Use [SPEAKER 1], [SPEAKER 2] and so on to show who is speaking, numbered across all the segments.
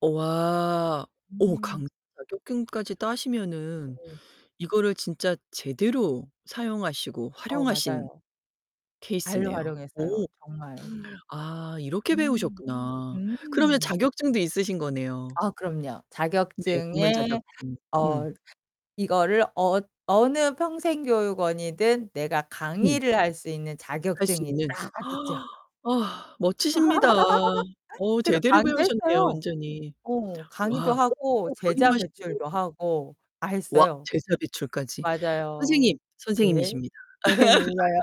[SPEAKER 1] 와 어
[SPEAKER 2] 음.
[SPEAKER 1] 강사 자격증까지 따시면은
[SPEAKER 2] 네.
[SPEAKER 1] 이거를 진짜 제대로 사용하시고
[SPEAKER 2] 어,
[SPEAKER 1] 활용하신
[SPEAKER 2] 맞아요. 발로
[SPEAKER 1] 케이스네요. 오
[SPEAKER 2] 활용했어요 정말.
[SPEAKER 1] 아 이렇게
[SPEAKER 2] 음.
[SPEAKER 1] 배우셨구나. 그러면
[SPEAKER 2] 음.
[SPEAKER 1] 자격증도 있으신 거네요.
[SPEAKER 2] 아 그럼요.
[SPEAKER 1] 네,
[SPEAKER 2] 자격증에
[SPEAKER 1] 전문자격증. 음.
[SPEAKER 2] 어 이거를 어 어느 평생 교육원이든 내가
[SPEAKER 1] 음.
[SPEAKER 2] 강의를 할 수 있는
[SPEAKER 1] 할 수
[SPEAKER 2] 자격증이
[SPEAKER 1] 있는
[SPEAKER 2] 딱 있죠.
[SPEAKER 1] 아, 멋지십니다. 어
[SPEAKER 2] 그래서
[SPEAKER 1] 제대로
[SPEAKER 2] 강의도
[SPEAKER 1] 배우셨네요,
[SPEAKER 2] 했어요.
[SPEAKER 1] 완전히.
[SPEAKER 2] 어 강의도
[SPEAKER 1] 와
[SPEAKER 2] 하고 제자
[SPEAKER 1] [unintelligible] 하시고.
[SPEAKER 2] 배출도 하고 다
[SPEAKER 1] 와
[SPEAKER 2] 했어요.
[SPEAKER 1] 제자 배출까지.
[SPEAKER 2] 맞아요.
[SPEAKER 1] 선생님,
[SPEAKER 2] 네.
[SPEAKER 1] 선생님이십니다.
[SPEAKER 2] 선생님인가요.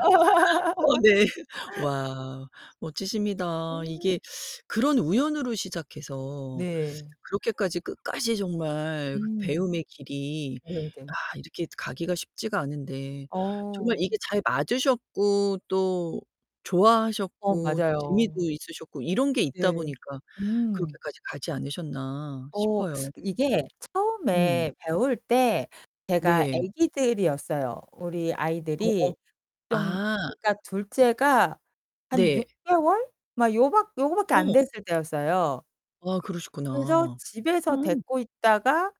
[SPEAKER 1] 어 네. 와 멋지십니다.
[SPEAKER 2] 음.
[SPEAKER 1] 이게 그런 우연으로 시작해서
[SPEAKER 2] 네.
[SPEAKER 1] 그렇게까지 끝까지 정말 그
[SPEAKER 2] 음.
[SPEAKER 1] 배움의 길이
[SPEAKER 2] 네,
[SPEAKER 1] 아
[SPEAKER 2] 네.
[SPEAKER 1] 이렇게 가기가 쉽지가 않은데 정말
[SPEAKER 2] 어.
[SPEAKER 1] 이게 잘 맞으셨고 또
[SPEAKER 2] 어,
[SPEAKER 1] 좋아하셨고 또
[SPEAKER 2] 맞아요.
[SPEAKER 1] 재미도 있으셨고 이런 게 있다
[SPEAKER 2] 네.
[SPEAKER 1] 보니까
[SPEAKER 2] 음.
[SPEAKER 1] 그렇게까지 가지 않으셨나
[SPEAKER 2] 어
[SPEAKER 1] 싶어요.
[SPEAKER 2] 이게
[SPEAKER 1] 응.
[SPEAKER 2] 처음에 배울 때 제가
[SPEAKER 1] 네.
[SPEAKER 2] 애기들이었어요. 우리
[SPEAKER 1] 어 어
[SPEAKER 2] 아이들이 좀
[SPEAKER 1] 아.
[SPEAKER 2] 그니까 2 째가 한
[SPEAKER 1] 네.
[SPEAKER 2] 6 개월? 막 요 밖 요거 밖에 안
[SPEAKER 1] 어.
[SPEAKER 2] 됐을 때였어요.
[SPEAKER 1] 아 그러시구나.
[SPEAKER 2] 그래서 집에서
[SPEAKER 1] 어.
[SPEAKER 2] 데리고 있다가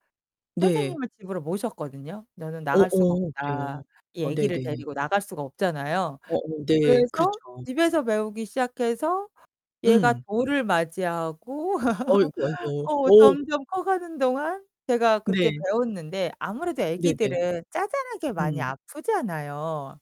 [SPEAKER 1] 네.
[SPEAKER 2] 선생님을 집으로 모셨거든요. '나는
[SPEAKER 1] 어
[SPEAKER 2] 나갈 수가
[SPEAKER 1] 어
[SPEAKER 2] 없다.'
[SPEAKER 1] 그래요?
[SPEAKER 2] 이
[SPEAKER 1] 아
[SPEAKER 2] 애기를
[SPEAKER 1] 네네.
[SPEAKER 2] 데리고 나갈 수가 없잖아요.
[SPEAKER 1] 어 어 네.
[SPEAKER 2] 그래서
[SPEAKER 1] 그렇죠.
[SPEAKER 2] 집에서 배우기 시작해서 얘가
[SPEAKER 1] 음.
[SPEAKER 2] 돌을 맞이하고
[SPEAKER 1] 아이고 아이고.
[SPEAKER 2] 어
[SPEAKER 1] 어.
[SPEAKER 2] 점점 커가는 동안 제가 그렇게
[SPEAKER 1] 네.
[SPEAKER 2] 배웠는데 아무래도
[SPEAKER 1] 네네.
[SPEAKER 2] 애기들은 자잘하게 많이
[SPEAKER 1] 음.
[SPEAKER 2] 아프잖아요.